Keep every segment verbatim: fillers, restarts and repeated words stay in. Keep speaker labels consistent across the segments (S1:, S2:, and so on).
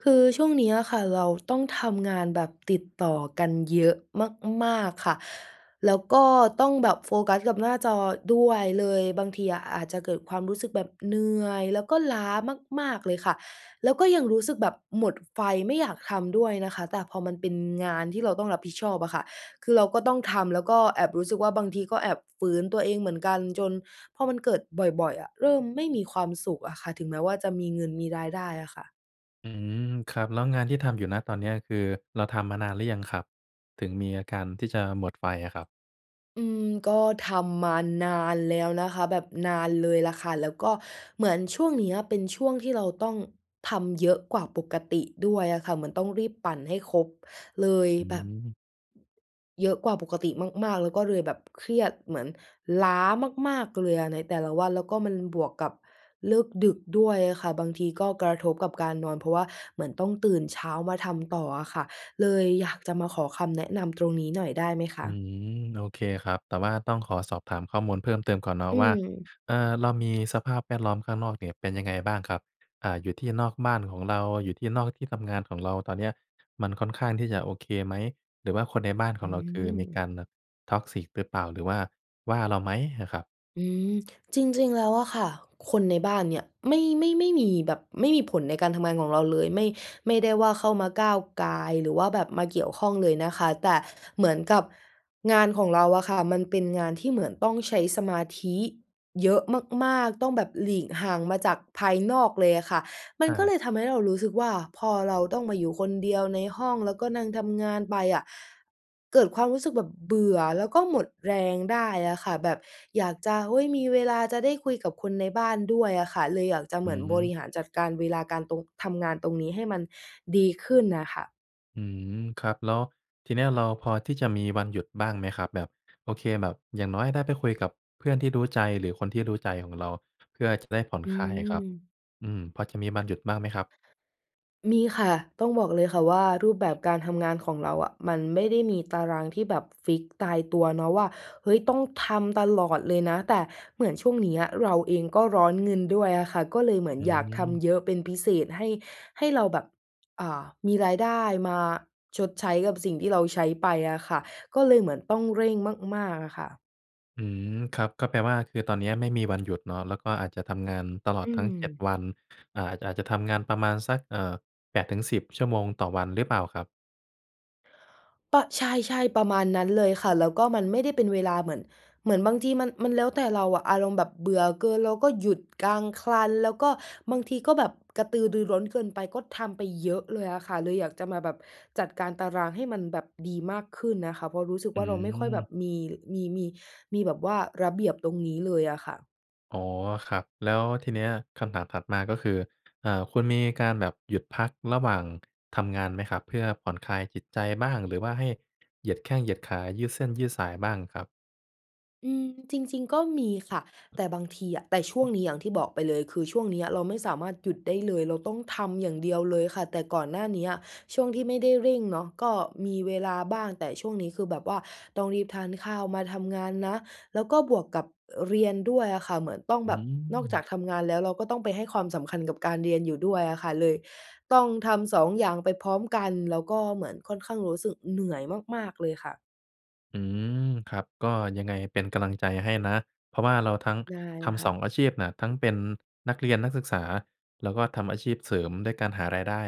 S1: คือช่วงเนี้ยอะค่ะ เราต้องทำงานแบบติดต่อกันเยอะมาก ๆ ค่ะ แล้วก็ต้องแบบโฟกัสกับหน้าจอด้วย เลยบางทีอะอาจจะเกิดความรู้สึกแบบเหนื่อย แล้วก็ล้ามาก ๆ เลยค่ะ แล้วก็ยังรู้สึกแบบหมดไฟไม่อยากทำด้วยนะคะ แต่พอมันเป็นงานที่เราต้องรับผิดชอบอะค่ะ คือเราก็ต้องทำ แล้วก็แอบรู้สึกว่าบางทีก็แอบฝืนตัวเองเหมือนกัน จนพอมันเกิดบ่อย ๆ อะ เริ่มไม่มีความสุขอะค่ะ ถึงแม้ว่าจะมีเงินมีรายได้อะค่ะ
S2: อืม ครับ แล้วงานที่ทำอยู่ ณ ตอนเนี้ย คือเราทำมานานหรือยังครับ? ถึงมีอาการที่จะหมดไฟอะครับ
S1: อืม ก็ทำมานานแล้วนะคะ แบบนานเลยล่ะค่ะ แล้วก็เหมือนช่วงเนี้ยเป็นช่วงที่เราต้องทำเยอะกว่าปกติด้วยอะค่ะ เหมือนต้องรีบปั่นให้ครบเลย
S2: อื
S1: แบบ
S2: ม
S1: เยอะกว่าปกติมาก ๆ แล้วก็เลยแบบเครียดเหมือนล้ามาก ๆ เลยอะในแต่ละวัน แล้วก็มันบวกกับเลิกดึกด้วยอะค่ะ บางทีก็กระทบกับการนอน เพราะว่าเหมือนต้องตื่นเช้ามาทำต่ออะค่ะ เลยอยากจะมาขอคำแนะนำตรงนี้หน่อยได้ไหมค
S2: อื
S1: ะ?
S2: ม โอเคครับ แต่ว่าต้องขอสอบถามข้อมูลเพิ่มเติมก่อนเนาะ
S1: อื
S2: ว่า
S1: อ
S2: เอ่อ เรามีสภาพแวดล้อมข้างนอกเนี่ยเป็นยังไงบ้างครับ? อ่า อยู่ที่นอกบ้านของเรา อยู่ที่นอกที่ทำงานของเราตอนเนี้ย มันค่อนข้างที่จะโอเคไหม? หรือว่าคนในบ้านข
S1: อ
S2: องเรา คือมีก
S1: ือ
S2: ารแบบ Toxic หรือเปล่า? หรือว่า ว่าเราไหมน่ะครับ?
S1: อืม จริง ๆ แล้วอะค่ะ คนในบ้านเนี่ย ไม่ ไม่ ไม่มีแบบ ไม่มีผลในการทำงานของเราเลย ไม่ ไม่ได้ว่าเข้ามาก้าวก่าย หรือว่าแบบมาเกี่ยวข้องเลยนะคะ แต่เหมือนกับงานของเราอะค่ะ มันเป็นงานที่เหมือนต้องใช้สมาธิเยอะมาก ๆ ต้องแบบหลีกห่างมาจากภายนอกเลยอะค่ะ มัน
S2: อ
S1: ก็เล
S2: า
S1: ยทำให้เรารู้สึกว่าพอเราต้องมาอยู่คนเดียวในห้อง แล้วก็นั่งทำงานไปอะเกิดความรู้สึกแบบเบื่อ แล้วก็หมดแรงได้อะค่ะแบบอยากจะ เฮ้ย มีเวลาจะได้คุยกับคนในบ้านด้วยอะค่ะ เลยอยากจะเ
S2: อ
S1: ห
S2: ื
S1: มือนบริ
S2: อ
S1: หารจัดการเวลาการตรง ทำงานตรงนี้ให้มันดีขึ้นน่ะค่ะ
S2: อืม ครับ แล้วทีเนี้ยเราพอที่จะมีวันหยุดบ้างไหมครับ? แบบ โอเคแบบอย่างน้อยได้ไปคุยกับเพื่อนที่รู้ใจหรือคนที่รู้ใจของเรา เพื่อจะได้ผ่อน
S1: อื
S2: คลายอะครับ
S1: ม
S2: อืม พอจะมีวันหยุดบ้างไหมครับ?
S1: มีค่ะ ต้องบอกเลยค่ะว่ารูปแบบการทำงานของเราอะ มันไม่ได้มีตารางที่แบบฟิกซ์ตายตัวเนาะว่า เฮ้ย ต้องทำตลอดเลยนะ แต่เหมือนช่วงเนี้ยเราเองก็ร้อนเงินด้วยอะค่ะ ก็เลยเหมือน
S2: อื
S1: อยากท
S2: ม
S1: ำเยอะเป็นพิเศษให้ ให้เราแบบ อ่า มีรายได้มาชดใช้กับสิ่งที่เราใช้ไปอะค่ะ ก็เลยเหมือนต้องเร่งมาก ๆ อะค่ะ
S2: อืม ครับ ก็แปลว่าคือตอนเนี้ยไม่มีวันหยุดเนาะ แล้วก็อาจจะทำงานตลอด
S1: อื
S2: ทั้ง เจ็ด
S1: ม
S2: วัน อ่า อาจจะทำงานประมาณสัก เอ่อ แปดถึงสิบ ชั่วโมงต่อวัน หรือเปล่าครับ?
S1: ปะ ใช่ ๆ ประมาณนั้นเลยค่ะ แล้วก็มันไม่ได้เป็นเวลา เหมือน เหมือนบางทีมัน มันแล้วแต่เราอะ อารมณ์แบบเบื่อเกินเราก็หยุดกลาคลัน แล้วก็บางทีก็แบบกระตือรือร้นเกินไปก็ทำไปเยอะเลยอะค่ะ เลยอยากจะมาแบบจัดการตารางให้มันแบบดีมากขึ้นน่ะค่ะ เพราะรู้สึก
S2: อื
S1: ว่า เราไม่ค่อยแบบ
S2: ม
S1: มี ล มี มี มีแบบว่าระเบียบตรงนี้เลยอะค่ะ
S2: อ๋อ ครับ แล้วทีเนี้ย คำถามถัดมาก็คือ อ่า คุณมีการแบบหยุดพักระหว่างทำงานไหมครับ? เพื่อผ่อนคลายจิตใจบ้าง หรือว่าให้เหยียดแข้งเหยียดขา ยืดเส้นยืดสายบ้างครับ?
S1: อืม จริง ๆ ก็มีค่ะ แต่บางทีอะ แต่ช่วงนี้ อย่างที่บอกไปเลย คือช่วงเนี้ยเราไม่สามารถหยุดได้เลย เราต้องทำอย่างเดียวเลยค่ะ แต่ก่อนหน้าเนี้ย ช่วงที่ไม่ได้เร่งเนาะ ก็มีเวลาบ้าง แต่ช่วงนี้คือแบบว่าต้องรีบทานข้าวมาทำงานนะ แล้วก็บวกกับ เรียนด้วยอะค่ะ เหมือนต้อง
S2: อ
S1: แ
S2: ื
S1: บบนอกจา
S2: ม
S1: กทำงานแล้ว เราก็ต้องไปให้ความสำคัญกับการเรียนอยู่ด้วยอะค่ะ เลยต้องทำ สอง อย่างไปพร้อมกัน แล้วก็เหมือนค่อนข้างรู้สึกเหนื่อยมาก ๆ เลยค่ะ
S2: อืม ครับ ก็ยังไง เป็นกำลังใจให้นะ เพราะว่าเราทั้ง
S1: ได้
S2: ท
S1: ค
S2: ำ ส
S1: ่
S2: อ
S1: ะ
S2: ง อาชีพน่ะ ทั้งเป็นนักเรียน นักศึกษา แล้วก็ทำอาชีพเสริมด้วยการหารายได้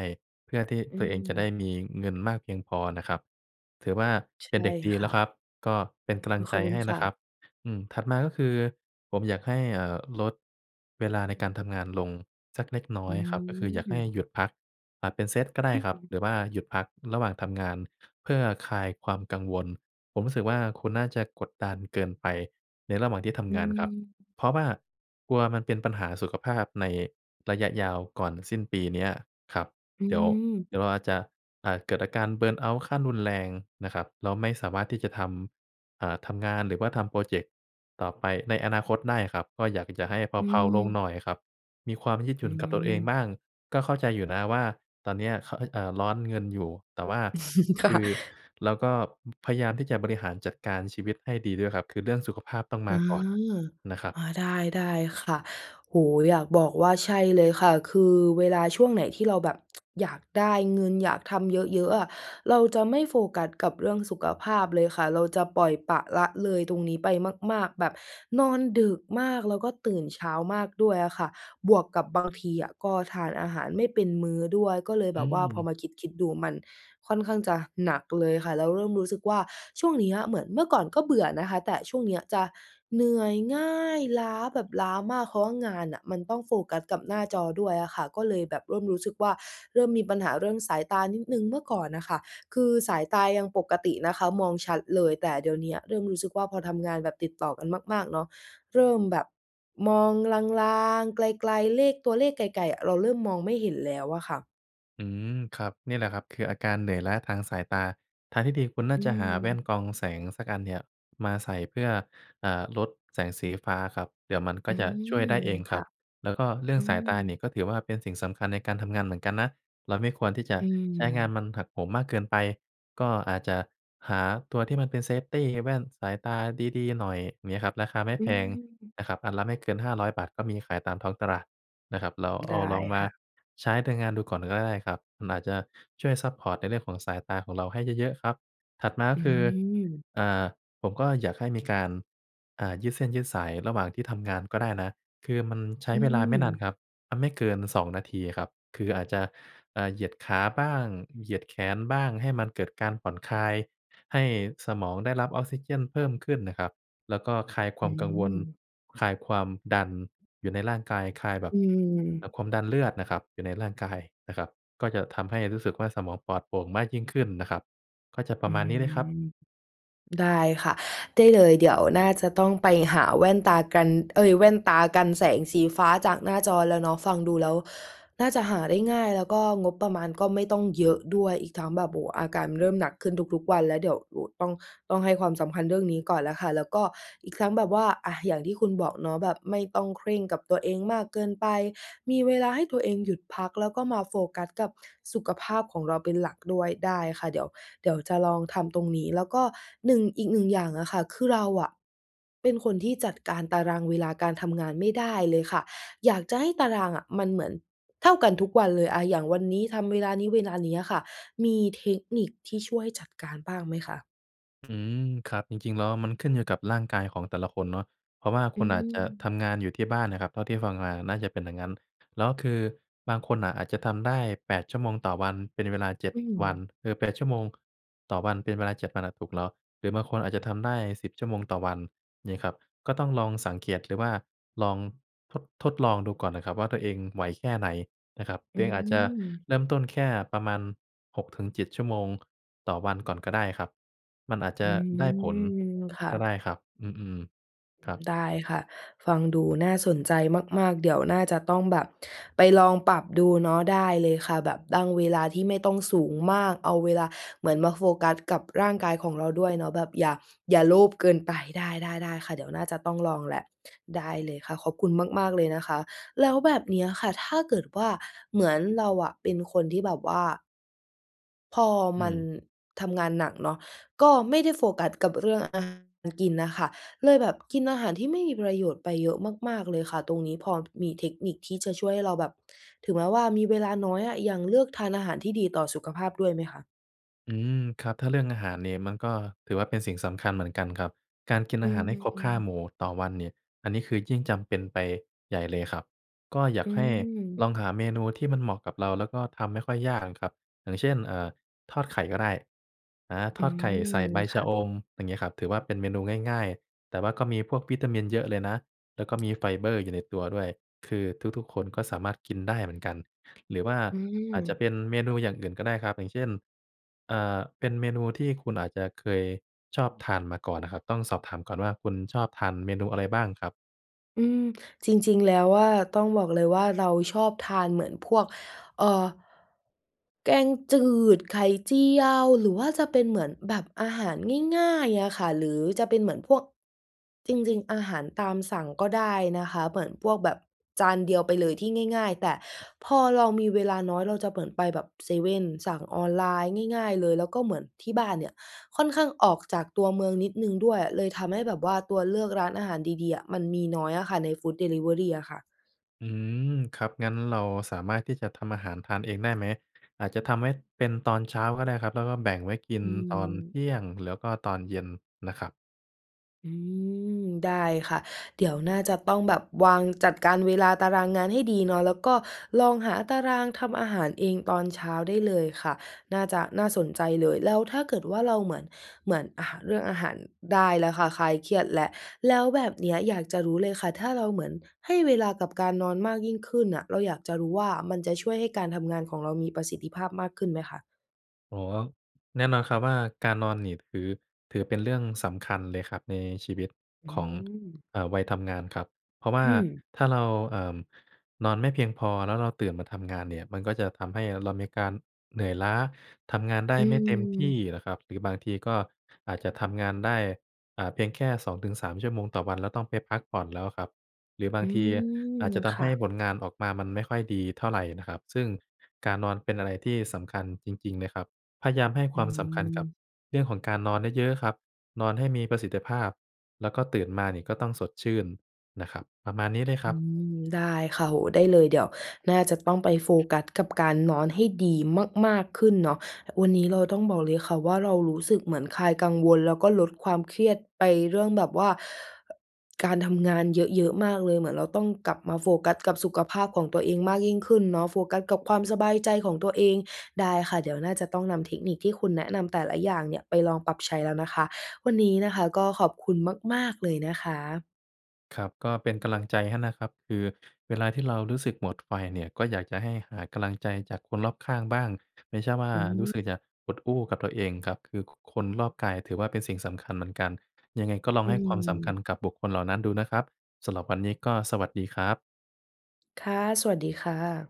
S2: เพื่อที่
S1: อื
S2: ตัวเองจะได้
S1: ม
S2: มีเงินมากเพียงพอน่ะครับ ถือว่า
S1: ช ใช
S2: เป็น
S1: ่
S2: เด็กดี
S1: ค
S2: แล้
S1: ่
S2: ว
S1: ะ
S2: ครับ ก็เป็นกำล
S1: โ
S2: ั
S1: อ้
S2: งใ
S1: ข
S2: จ
S1: อบคุ
S2: ให
S1: ณ
S2: ้
S1: ค
S2: น
S1: ่
S2: ะค
S1: ะ
S2: รับ อืม ถัดมาก็คือผมอยากให้ เอ่อ ลดเวลาในการทำงานลงสักเล็กน้อ
S1: อื
S2: ยครับ ก็คืออยากให้
S1: ม
S2: หยุดพัก อ่า เป็นเซตก็ได้ครับ
S1: อือ
S2: หรือว่าหยุดพักระหว่างทำงาน เพื่อคลายความกังวล ผมรู้สึกว่า คุณน่าจะกดดันเกินไปในระหว่างที่ท
S1: อื
S2: ำงานครับ
S1: ม
S2: เพราะว่ากลัวมันเป็นปัญหาสุขภาพในระยะยาว ก่อนสิ้นปีเนี้ยครับ
S1: อื
S2: เดี๋ยว
S1: ม
S2: เดี๋ยวอาจจะ อ่า เกิดอาการ เบิร์นเอาต์ ขั้นรุนแรงนะครับ แล้วไม่สามารถที่จะทำ อ่า ทำงาน หรือว่าทำโพรเจกต์ต่อไปในอนาคตได้ครับ ก็อยากจะให้เ
S1: อื
S2: พลา ๆ ลงห
S1: ม
S2: น่อยครับ มีความยืดห
S1: อ
S2: ย
S1: ื
S2: ุ่นกับตัวเองบ
S1: ม
S2: ้าง ก็เข้าใจอยู่นะว่า ตอนเนี้ยเขอะ เอ๊ะ เอ่อ ร้อนเงินอยู่ แต่ว่า
S1: ค
S2: ค
S1: ่
S2: ื
S1: ะ
S2: อ แล้วก็ พยายามที่จะบริหารจัดการชีวิตให้ดีด้วยครับ คือเรื่องสุขภาพต้องม
S1: อ
S2: า
S1: ๋อ
S2: ก่อน นะครับ
S1: อา ได้ ได้ค่ะ โอ้โฮ อยากบอกว่า ใช่เลยค่ะ คือเวลาช่วงไหนที่เราแบบ อยากได้เงิน อยากทำเยอะ ๆ อะ เราจะไม่โฟกัสกับเรื่องสุขภาพเลยค่ะ เราจะปล่อยปละละเลยตรงนี้ไปมาก ๆ แบบนอนดึกมาก แล้วก็ตื่นเช้ามากด้วยอะค่ะ บวกกับบางทีอะก็ทานอาหารไม่เป็นมื้อด้วย ก็เลย
S2: อ
S1: แ
S2: ื
S1: บบว่าพอ
S2: ม
S1: มาคิด ๆ ดูมันค่อนข้างจะหนักเลยค่ะ แล้วเริ่มรู้สึกว่า ช่วงเนี้ยเหมือน เมื่อก่อนก็เบื่อนะคะ แต่ช่วงเนี้ยจะเหนื่อยง่าย ล้าแบบล้ามาก เพราะว่างานน่ะมันต้องโฟกัสกับหน้าจอด้วยอะค่ะ ก็เลยแบบเริ่มรู้สึกว่า เริ่มมีปัญหาเรื่องสายตานิดหนึ่ง เมื่อก่อนน่ะค่ะ คือสายตายังปกตินะคะ มองชัดเลย แต่เดี๋ยวเนี้ยเริ่มรู้สึกว่า พอทำงานแบบติดต่อกันมาก ๆ เนาะ เริ่มแบบมองลาง ๆ ไกล ๆ เลข ตัวเลขไกล ๆ อะ เราเริ่มมองไม่เห็นแล้วอะค่ะ
S2: อืม ครับ เนี่ยแหละครับ คืออาการเหนื่อยล้าทางสายตา ทางที่ดีคุณน่
S1: อ
S2: า
S1: ื
S2: จะหาแว่
S1: ม
S2: นกรองแสงสักอันเนี่ยมาใส่เพื่อ อ่า ลดแสงสีฟ้าครับ เดี๋ยวมันก
S1: อ
S2: ็
S1: ื
S2: จะช
S1: ม
S2: ่วยได้เอง
S1: ค
S2: ครั
S1: ่ะ
S2: บ แล้วก็เรื่อ
S1: อื
S2: งสายตานี
S1: ม
S2: ่ ก็ถือว่าเป็นสิ่งสำคัญในการทำงานเหมือนกันนะ เราไม่ควรที่จะ
S1: อื
S2: ใช้งาน
S1: ม
S2: มันหักโหมมากเกินไป ก็อาจจะหาตัวที่มันเป็น เซฟตี แว่นสายตาดี ๆ หน่อยเงี้ยครับ ราคาไม่
S1: อื
S2: แพง
S1: ม
S2: นะครับ อันละไม่เกิน ห้าร้อย บาท ก็มีขายตามท้องตลาดนะครับ แล้วเ
S1: ไ
S2: อ
S1: ด้
S2: าลองมา
S1: ค่ะ
S2: ใช้ในงานดูก่อนก็ได้ครับ มันอาจจะช่วยซัปพอร์ตในเรื่องของสายตาของเราให้เยอะ ๆ ครับ ถัดมาก
S1: อ
S2: ็
S1: ื
S2: คือ
S1: ม
S2: อ่า ผมก็อยากให้มีการ อ่า ยืดเส้นยืดสายระหว่างที่ทำงานก็ได้นะ คือมันใช้
S1: อื
S2: เวลาไม่นาน
S1: ม
S2: ครับ ไม่เกิน สอง นาทีอะครับ คืออาจจะ อ่า เหยียดขาบ้าง เหยียดแขนบ้าง ให้มันเกิดการผ่อนคลาย ให้สมองได้รับออกซิเจนเพิ่มขึ้นน่ะครับ แล้วก็คลายค
S1: อ
S2: วา
S1: ื
S2: มกังวล
S1: ม
S2: คลายความดันอยู่ในร่างกาย คลายแบ
S1: อ
S2: บ
S1: ื
S2: อ่
S1: ม
S2: า ความดันเลือดน่ะครับ อยู่ในร่างกายน่ะครับ ก็จะทำให้รู้สึกว่าสมองปลอดโปร่งมากยิ่งขึ้นน่ะครับ ก็จะปร
S1: อ
S2: ะ
S1: ื
S2: มาณนี้เลยครับ
S1: ม ได้ค่ะ ได้เลยเดี๋ยวน่าจะต้องไปหาแว่นตากัน เอ๊ย แว่นตากันแสงสีฟ้าจากหน้าจอแล้วเนาะ ฟังดูแล้วน่าจะหาได้ง่าย แล้วก็งบประมาณก็ไม่ต้องเยอะด้วย อีกทั้งแบบ โอ้โฮ อาการมันเริ่มหนักขึ้นทุก ๆ วันแล้ว เดี๋ยวต้อง ต้องให้ความสำคัญเรื่องนี้ก่อนแล้วค่ะ แล้วก็อีกทั้งแบบว่า อะ อย่างที่คุณบอกเนาะแบบไม่ต้องเคร่งกับตัวเองมากเกินไป มีเวลาให้ตัวเองหยุดพัก แล้วก็มาโฟกัสกับสุขภาพของเราเป็นหลักด้วย ได้ค่ะ เดี๋ยว เดี๋ยวจะลองทำตรงนี้ แล้วก็หนึ่ง อีกหนึ่งอย่างอะค่ะ คือเราอะเป็นคนที่จัดการตารางเวลาการทำงานไม่ได้เลยค่ะ อยากจะให้ตารางอะมันเหมือนเท่ากันทุกวันเลย อะ อย่างวันนี้ทำเวลานี้ เวลานี้อะค่ะ มีเทคนิคที่ช่วยจัดการบ้างไหมคะ?
S2: อืม ครับ จริง ๆ แล้วมันขึ้นอยู่กับร่างกายของแต่ละคนเนาะ เพราะว่า
S1: อ
S2: ค
S1: ื
S2: ุณอาจจะท
S1: ม
S2: ำงานอยู่ที่บ้านน่ะครับ เท่าที่ฟังมาน่าจะเป็นอย่างงั้น แล้วคือบางคนน่ะอาจจะทำได้ แปด ชั่วโมงต่อวัน เป็นเวลา เจ็ด
S1: อื
S2: วั
S1: ม
S2: น หรือ แปด ชั่วโมงต่อวันเป็นเวลา เจ็ด วัน อะ ถูกแล้ว หรือบางคนอาจจะทำได้ สิบ ชั่วโมงต่อวันงี้ครับ ก็ต้องลองสังเกต หรือว่าลองทด ทดลองดูก่อนน่ะครับว่า ตัวเองไหวแค่ไหนนะครับ ตั
S1: อ
S2: ว
S1: ื
S2: เองอาจจะ
S1: ม
S2: เริ่มต้นแค่ประมาณ หกถึงเจ็ด ชั่วโมงต่อวันก่อนก็ได้ครับ มันอาจจ
S1: อื
S2: ะได้ผล
S1: ม ค่
S2: ก็ไ
S1: ะ
S2: ด้ครับ อืม
S1: อ
S2: ๆ ค
S1: ื
S2: รั
S1: ม
S2: บ
S1: ได้ค่ะ ฟังดูน่าสนใจมาก ๆ เดี๋ยวน่าจะต้องแบบไปลองปรับดูเนาะ ได้เลยค่ะ แบบตั้งเวลาที่ไม่ต้องสูงมาก เอาเวลาเหมือนมาโฟกัสกับร่างกายของเราด้วยเนาะ แบบอย่า อย่าโลภเกินไป ได้ ๆ ๆ ค่ะ เดี๋ยวน่าจะต้องลองแหละ ได้เลยค่ะ ขอบคุณมาก ๆ เลยนะคะ แล้วแบบเนี้ยค่ะ ถ้าเกิดว่าเหมือนเราอะเป็นคนที่แบบว่า พอ
S2: อื
S1: มัน
S2: ม
S1: ทำงานหนักเนาะ ก็ไม่ได้โฟกัสกับเรื่องอาหารการกินน่ะค่ะ เลยแบบกินอาหารที่ไม่มีประโยชน์ไปเยอะมาก ๆ เลยค่ะ ตรงนี้พอมีเทคนิคที่จะช่วยให้เราแบบ ถึงแม้ว่ามีเวลาน้อยอะ ยังเลือกทานอาหารที่ดีต่อสุขภาพด้วยไหมคะ?
S2: อืม ครับ ถ้าเรื่องอาหารเนี่ย มันก็ถือว่า เป็นสิ่งสำคัญเหมือนกันครับ การกิน
S1: อ
S2: อ
S1: ื
S2: าหารให้ครบ ห้า
S1: ม
S2: หมู่ต่อวันเนี่ย อันนี้คือยิ่งจำเป็นไปใหญ่เลยครับ ก็อยา
S1: อื
S2: กให้ล
S1: ม
S2: องหาเมนูที่มันเหมาะกับเราแล้วก็ทำไม่ค่อยยากอะครับ อย่างเช่น เอ่อ ทอดไข่ก็ได้ อา
S1: อ
S2: ท
S1: ื
S2: อดไข่
S1: ม
S2: ใส่ใบ
S1: ค
S2: ชะ
S1: ่ะ
S2: อม อย่างงี้ครับ ถือว่า เป็นเมนูง่าย ๆ แต่ว่าก็มีพวกวิตามินเยอะเลยนะ แล้วก็มีไฟเบอร์อยู่ในตัวด้วย คือทุก ๆ คนก็สามารถกินได้เหมือนกัน หรือว่า
S1: อื
S2: อาจจะ
S1: ม
S2: เป็นเมนูอย่างอื่นก็ได้ครับ อย่างเช่น อ่า เป็นเมนูที่คุณอาจจะเคยชอบทานมาก่อนน่ะครับ ต้องสอบถามก่อนว่า คุณชอบทานเมนูอะไรบ้างครับ?
S1: อืม จริง ๆ แล้วอะ ต้องบอกเลยว่า เราชอบทานเหมือนพวก เอ่อ แกงจืด ไข่เจียว หรือว่าจะเป็นเหมือนแบบอาหารง่าย ๆ อะค่ะ หรือจะเป็นเหมือนพวก จริง ๆ อาหารตามสั่งก็ได้นะคะ เหมือนพวกแบบจานเดียวไปเลยที่ง่าย ๆ แต่พอเรามีเวลาน้อย เราจะเหมือนไปแบบเซเว่น สั่งออนไลน์ง่าย ๆ เลย แล้วก็เหมือนที่บ้านเนี่ยค่อนข้างออกจากตัวเมืองนิดหนึ่งด้วย เลยทำให้แบบว่าตัวเลือกร้านอาหารดี ๆ อะมันมีน้อยอะค่ะ ในฟูดดิลิเวอรีอะค่ะ
S2: อืม ครับ งั้นเราสามารถที่จะทำอาหารทานเองได้ไหม? อาจจะทำให้เป็นตอนเช้าก็ได้ครับ แล้วก็แบ่งไว้กิน
S1: อื
S2: ตอนเท
S1: ม
S2: ี่ยง แล้วก็ตอนเย็นน่ะครับ
S1: อืม ได้ค่ะ เดี๋ยวน่าจะต้องแบบวางจัดการเวลาตารางงานให้ดีเนาะ แล้วก็ลองหาตารางทำอาหารเองตอนเช้าได้เลยค่ะ น่าจะน่าสนใจเลย แล้วถ้าเกิดว่าเราเหมือน เหมือน อะ เรื่องอาหารได้แล้วค่ะ คลายเครียดแหละ แล้วแบบเนี้ยอยากจะรู้เลยค่ะ ถ้าเราเหมือนให้เวลากับการนอนมากยิ่งขึ้นน่ะ เราอยากจะรู้ว่า มันจะช่วยให้การทำงานของเรามีประสิทธิภาพมากขึ้นไหมคะ?
S2: อ๋อ แน่นอนครับว่า การนอนนี่ถือ ถือเป็นเรื่องสำคัญเลยครับในชีวิต
S1: อื
S2: ของ
S1: ม
S2: เอ่อ วัยทำงานครับ เพราะว
S1: อ
S2: ่า
S1: ืม
S2: ถ้าเรา เอ่อ นอนไม่เพียงพอ แล้วเราตื่นมาทำงานเนี่ยมันก็จะทำให้เรามีการเหนื่อยล้า ทำงานได้
S1: อื
S2: ไม่เต็มที่
S1: ม
S2: นะครับหรือบางทีก็อาจจะทำงานได้ อ่า เพียงแค่ สอง ถึง สาม ชั่วโมงต่อวัน แล้วต้องไปพักผ่อนแล้วครับ หรือบา
S1: อ
S2: ง
S1: ื
S2: ทีอาจ
S1: ม
S2: จะท
S1: ค
S2: ำให
S1: ่
S2: ้
S1: ะ
S2: ผลงานออกมามันไม่ค่อยดีเท่าไรน่ะครับ ซึ่งการนอนเป็นอะไรที่สำคัญจริง ๆ นะครับ พยามให้ค
S1: อื
S2: วามสำคัญกับ
S1: ม
S2: เรื่องของการนอนเยอะ ๆ ครับ นอนให้มีประสิทธิภาพ แล้วก็ตื่นมานี่ก็ต้องสดชื่นนะครับ ประมาณนี้เลยค
S1: อ
S2: ร
S1: ื
S2: ับ
S1: ม ได้ค่ะ โอ้โฮ ได้เลยเดี๋ยวน่าจะต้องไปโฟกัสกับการนอนให้ดีมาก ๆ ขึ้นเนาะ วันนี้เราต้องบอกเลยค่ะว่า เรารู้สึกเหมือนคลายกังวล แล้วก็ลดความเครียดไปเรื่องแบบว่า การทำงานเยอะ ๆ มากเลย เหมือนเราต้องกลับมาโฟกัสกับสุขภาพของตัวเองมากยิ่งขึ้นเนาะ โฟกัสกับความสบายใจของตัวเอง ได้ค่ะ เดี๋ยวน่าจะต้องนำเทคนิคที่คุณแนะนำแต่ละอย่างเนี่ยไปลองปรับใช้แล้วนะคะ วันนี้นะคะก็ขอบคุณมาก ๆ เลยนะคะ
S2: ครับ ก็เป็นกำลังใจให้นะครับ คือเวลาที่เรารู้สึกหมดไฟเนี่ย ก็อยากจะให้หากำลังใจจากคนรอบข้างบ้าง ไม่ใช่ว่า
S1: อื
S2: รู้ส
S1: ม
S2: ึกจะอดอู้กับตัวเองครับ คือ ค คนรอบกายถือว่าเป็นสิ่งสำคัญเหมือนกัน ยังไงก็ลอง
S1: อื
S2: ให้ความสำคั
S1: ม
S2: ญกับบุคคลเหล่านั้นดูนะครับ สำหรับวันนี้ก็สวัสดีครับ
S1: ค่ะ สวัสดีค่ะ